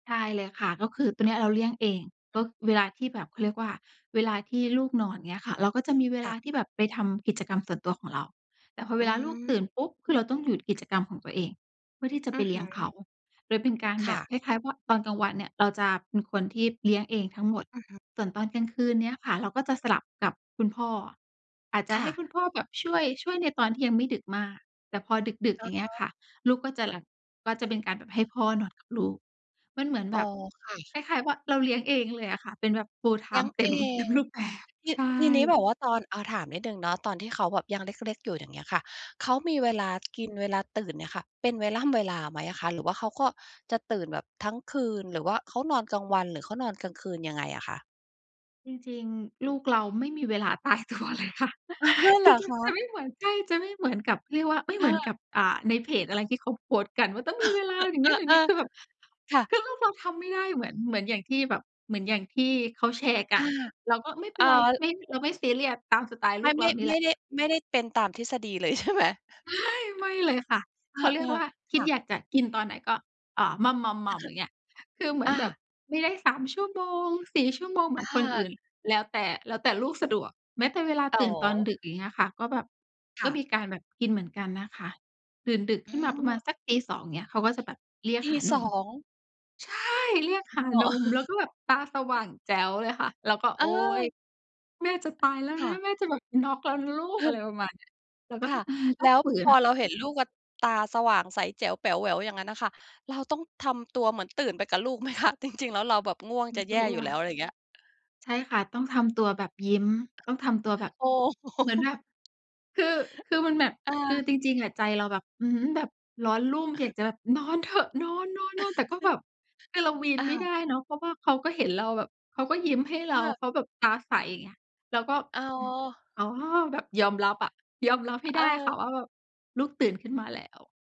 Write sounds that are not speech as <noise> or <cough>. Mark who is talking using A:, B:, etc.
A: ใช่เลยค่ะ ก็คือตอนเนี้ยเราเลี้ยงเอง ก
B: อื
A: ็
B: ม
A: เวลาที่แบบเขาเรียกว่า เวลาที่ลูกนอน อย่างเงี้ยค่ะ เราก็จะมีเว
B: ค
A: ล
B: ่
A: า
B: ะ
A: ที่แบบไปทำกิจกรรมส่วนตัวของเรา แต่พอเว
B: อื
A: ลาลูกตื่
B: ม
A: นปุ๊บ คือเราต้องหยุดกิจกรรมของตัวเอง เพื่อที่จะ
B: อ
A: ไ
B: ื
A: ป
B: อ
A: เล
B: ฮ
A: ี้
B: ึ
A: ยงเขา โดยเป็นการ
B: ค
A: แบ
B: ่
A: บ
B: ะ
A: คล้าย ๆ ว่า ตอนกลางวันเนี่ย เราจะเป็นคนที่เลี้ยงเองทั้งหมด
B: อือฮึ
A: ส่วนตอนกลางคืนเนี้ยค่ะ เราก็จะสลับกับคุณพ่อ อาจจะ
B: ค
A: ให
B: ่
A: ้
B: ะ
A: คุณพ่อแบบ ช่วย ช่วยในตอนที่ยังไม่ดึกมาก แต่พอดึก ๆ
B: อ
A: อย
B: ะ
A: ่างเงี้
B: ฮ
A: ยค
B: ะ
A: ่ะ ลูกก็จะหลับ ก็จะเป็นการแบบให้พ่อนอนกับลูก มันเหมือน
B: อ
A: แ
B: ๋
A: บ
B: อ
A: บ
B: ค่ะ
A: คล้าย ๆ แบบเราเลี้ยงเองเลยอะค่ะ เป็นแบบ
B: เลี้ย
A: full-time
B: ง
A: เต
B: เ
A: ็
B: อ
A: ม เต็
B: ง
A: มรูปแบบ
B: ที
A: ใช่
B: ทีนี้แบบว่าตอน อ่า ถามนิดหนึ่งเนาะ ตอนที่เขาแบบยังเล็ก ๆ อยู่ อย่างเงี้ยค่ะ เขามีเวลา กิน เวลาตื่นเนี่ยค่ะ เป็นเวล่ำเวลาไหมอะคะ หรือว่าเขาก็จะตื่นแบบทั้งคืน หรือว่าเขานอนกลางวัน หรือเขานอนกลางคืน ยังไงอะคะ?
A: จริง ๆ ลูกเราไม่มีเวลา ตายตัวเลยค่ะ
B: อ่า เ
A: ค
B: ห
A: ื
B: ร
A: อ
B: อ
A: จะ
B: ค
A: จะไม
B: ะ?
A: ่เหมือน ใช่ จะไม่เหมือนกับเรียกว่า ไม่
B: ค
A: เหม
B: ่
A: ือนก
B: ะ
A: ับ อ่า ในเพจอะไร ที่เขาโพสต์กันว่า ต้องมีเวลาอย่า
B: <sneezes>
A: ง
B: เอ
A: ง
B: ่
A: ั้น
B: อ
A: อย่า
B: เ
A: ง
B: อ
A: งี้
B: อ
A: คือแบบ
B: ค่
A: คือ
B: ะ
A: ลูกเราทำไม่ได้ เหมือน เหมือนอย่างที่แบบ เหมือนอย่างที่เขาแชร์ก
B: อ
A: ั
B: า
A: น เราก็ไม่เป็
B: อ๋
A: น
B: อ
A: ไร ไม่ เราไม่ซีเรียส ตามสไตล์
B: ค
A: ล
B: ร
A: ู
B: าว
A: กเ
B: น
A: ร
B: ี
A: า
B: ้
A: นี่
B: ไ
A: แ
B: ม
A: หล
B: ่
A: ะ
B: ได้ ไม่ได้ ไม่ได้เป็นตามทฤษฎีเลย ใช่ไหม?
A: ใช่ ไม่เลยค่ะ
B: เ
A: เขาเรี
B: อ
A: ยก
B: อ
A: ว่า ค
B: ๆ ค
A: ิด
B: ่ะ
A: อยากจะกินตอนไหน ก็ อ่า หม่ำ ๆ ๆ อย่างเงี้ย คือเหมือ
B: อ
A: นแบบ
B: า
A: ไม่ได้ 3 ชั่วโมง 4 ชั่วโมงเหม
B: อ
A: ือนคนอื
B: า
A: ่น แล้วแต่ แล้วแต่ลูกสะดวก แม้แต่เวลา
B: อ๋
A: ตื่นตอน
B: อ
A: ดึก อย่างเงี้ยค่ะ ก็แบบ
B: ค
A: ก็
B: ่ะ
A: มีการแบบกินเหมือนกันนะคะ ตื่นดึก
B: อื
A: ขึ้นมาประมาณ
B: ม
A: สัก 02:00 อย่างเงี้ย เขาก็จะแบบเรียก
B: ตี
A: หาน
B: ส
A: ม
B: อง
A: ใช่ เรียกหาน
B: <unintelligible>
A: ม แล้วก็แบ
B: <chuckles>
A: บตาสว่างแจ๋วเลยค่ะ เราก็ โ
B: อ
A: อ๊ย
B: า
A: แม่จะตายแล้ว
B: ค
A: น
B: ่ะ
A: ะ แม่จะแบบน็อกแล้วนะลูก อะไรปร
B: ค
A: ะมาณนี้ เราก็ต
B: ่
A: ้อ
B: ะ
A: ง อืม ต
B: แล
A: ้อง
B: ้ว
A: ฝื
B: พ
A: น
B: อ
A: อะ
B: เราเห็นลูกอะ ตาสว่างใสแจ๋วแป๋วแหววอย่างงั้นอะค่ะ เราต้องทำตัวเหมือนตื่นไปกับลูกไหมคะ จริง ๆ แล้ว เราแบบง่วง
A: ร
B: จ
A: ู้
B: ะแ
A: ต
B: ย
A: ั
B: ่อยู่แล้
A: ว
B: ว อะไรอย่างเงี้ย?
A: ใช่ค่ะ ต้องทำตัวแบบยิ้ม ต้องทำตัวแบบ
B: โอ้ โ
A: เหมือน
B: ฮ
A: แบบ คือ คือมันแบบ
B: อ
A: คือ
B: า
A: จริง ๆ อะใจเราแบบ อือฮึ แบบร้อนรุ่ม
B: <coughs>
A: อยากจะแบบนอนเถอะ นอน ๆ ๆ แต่ก็แบบ คือเรา
B: <chuckles>
A: วีน
B: อ้
A: ไ
B: า
A: ม่
B: ว
A: ได้เนาะ เพราะว่าเขาก็เห็นเราแบบ เขาก็ยิ้มให้เ
B: อ
A: รา
B: า
A: เขาแบบตาใสอย่างเงี้ย เราก็
B: อ๋อ
A: อืม อ๋อ แบบยอมรับอะ ยอมรับให้
B: เ
A: ได้ค่
B: อ
A: ะ
B: อ
A: ว่าแบบลูกตื่นขึ้นมาแล้ว